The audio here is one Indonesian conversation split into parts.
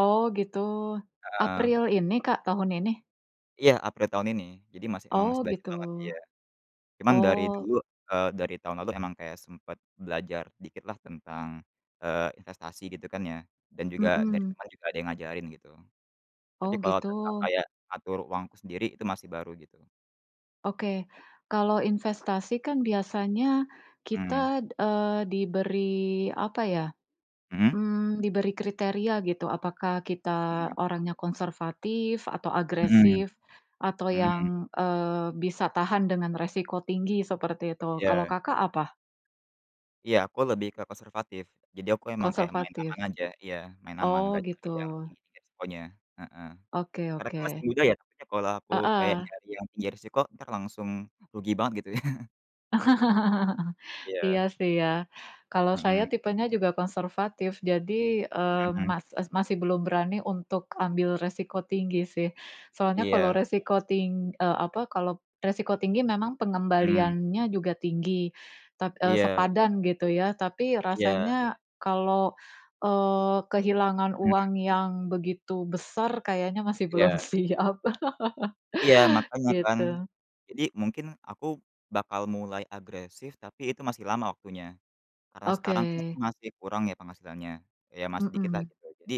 Oh gitu Heeh. April ini, Kak? Tahun ini? Iya April tahun ini jadi masih emang Oh masih belajar gitu, banget iya, cuman dari oh. dulu, eee, dari tahun lalu emang kayak sempet belajar dikitlah tentang, eee, investasi gitu kan ya dan juga dari Mhm. temen juga ada yang ngajarin gitu, tapi Oh kalau tentang gitu. kayak atur uangku sendiri itu masih baru gitu. Oke kalau investasi kan biasanya Mmm. kita, eee, diberi apa ya, Mhm. mmm, diberi kriteria gitu apakah kita Mhm. orangnya konservatif atau Mhm, agresif, atau mhm. yang, eee, bisa tahan dengan resiko tinggi seperti itu kalau, Iya. Kakak, apa? Iya aku lebih ke konservatif jadi aku emang kayak main Konservatif. aman aja iya main aman Oh nggak nyari gitu. yang tinggi-tinggi resikonya, heeh, Oke karena kan masih oke. muda ya takutnya kalau aku kayak Heeh. nyari yang tinggi resiko entar langsung rugi banget gitu ya. Iya Iya. sih ya, kalau saya Mhm. tipenya juga konservatif jadi, eee, Mhm. mas es masih belum berani untuk ambil resiko tinggi sih, soalnya kalau Iya. resiko ting eee, apa kalau resiko tinggi memang Mmm. pengembaliannya juga tinggi, tap eee, Iya. sepadan gitu ya tapi Iya. rasanya kalau, eee, kehilangan Mmm. uang yang begitu besar kayaknya masih belum Iya. siap Iya makanya kan, gitu. jadi mungkin aku bakal mulai agresif tapi itu masih lama waktunya, karena sekarang kan aku Oke. masih kurang ya penghasilannya iya masih dikitlah Mhm. gitu jadi,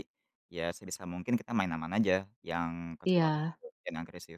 ya sebisa mungkin kita main aman aja yang konservatif Iya. bukan yang agresif.